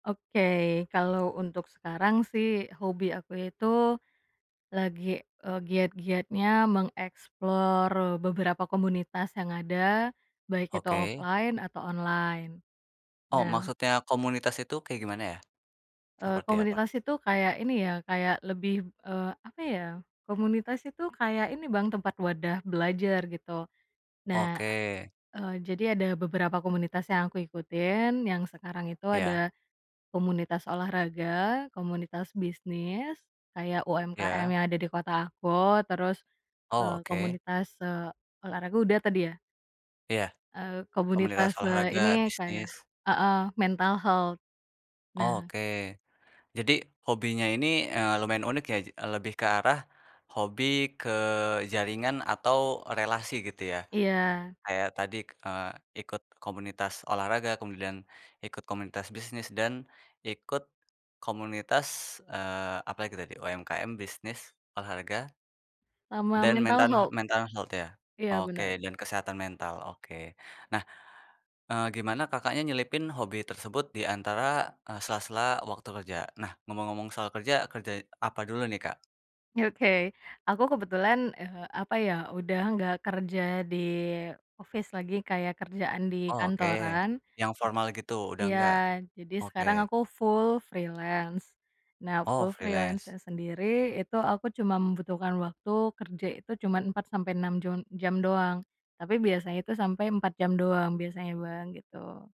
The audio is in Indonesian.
Oke. Kalau untuk sekarang, sih, hobi aku itu lagi, eee, giat-giatnya meng-explore beberapa komunitas yang ada. Baik itu Oke. offline atau online. Oh, Nah maksudnya komunitas itu kayak gimana, ya? eee, Seperti apa? komunitas itu kayak ini, ya, kayak lebih, eee, apa, ya, komunitas itu kayak ini, Bang, tempat wadah belajar, gitu. Nah, Oke. a eee, jadi ada beberapa komunitas yang aku ikutin, yang sekarang itu Iya. ada komunitas olahraga, komunitas bisnis kayak UMKM Iya. yang ada di kota aku, terus, Oh, eee, oke. komunitas, eee, olahraga udah tadi ya? Iya. Eee, Komunitas komunitas, eee, ini olahraga, kayak bisnis. heeh, mental health. Oh, Nah oke. Jadi, hobinya ini, eee, lumayan unik, ya. J lebih ke arah hobi, ke jaringan atau relasi gitu, ya? Iya. Kayak tadi, eee, ikut komunitas olahraga, kemudian ikut komunitas bisnis, dan ikut komunitas, eee, apalagi tadi, UMKM, bisnis, olahraga Sama dan mentan mental health. mental health ya? Iya, benar. Oke dan kesehatan mental, oke. Nah, eee, gimana Kakaknya nyelipin hobi tersebut di antara, eee, sela-sela waktu kerja? Nah, ngomong-ngomong soal kerja, kerja apa dulu nih, Kak? Oke. Aku kebetulan, eee, apa ya, udah enggak kerja di office lagi, kayak kerjaan di Oh oke, kantoran yang formal gitu, udah iya. engga? Jadi, sekarang Oke. aku full freelance. Nah, Oh, full freelance. freelance-nya sendiri itu, aku cuma membutuhkan waktu, kerja itu, cuman 4-6 jun jam doang, tapi biasanya itu sampai 4 jam doang. Biasanya, Bang, gitu.